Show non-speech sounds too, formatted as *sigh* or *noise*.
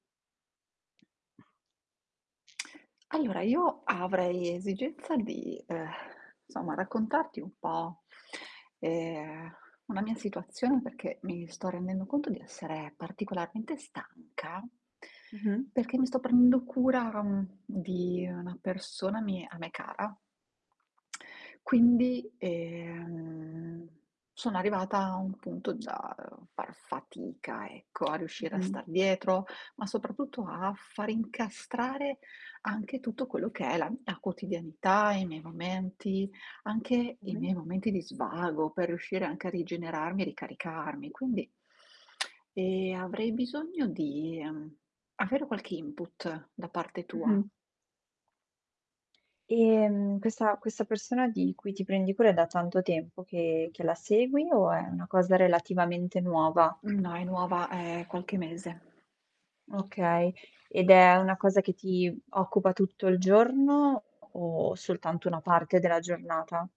*smacks lips* Allora io avrei esigenza di, ehm, somma, raccontarti un po', ehm, una mia situazione perché mi sto rendendo conto di essere particolarmente stanca Mh-mh. perché mi sto prendendo cura di una persona mi a me cara. *smacks lips* Quindi, ehm, sono arrivata a un punto già, uhm, far fatica, ecco, a riuscire a Mh-mh. star dietro, ma soprattutto a far incastrare anche tutto quello che è la mia quotidianità, i miei momenti, anche i Mh-mh. miei momenti di svago, per riuscire anche a rigenerarmi e ricaricarmi. Quindi, *inhales* *smacks lips* ehm, avrei bisogno di, ehm, avere qualche input, da parte tua. Mh-mh. Ehm, questa questa persona di cui ti prendi cura è da tanto tempo che che la segui o è una cosa relativamente nuova? Uhm, no è nuova ehm, qualche mese. Okay. Ed è una cosa che ti occupa tutto il giorno o soltanto una parte della giornata?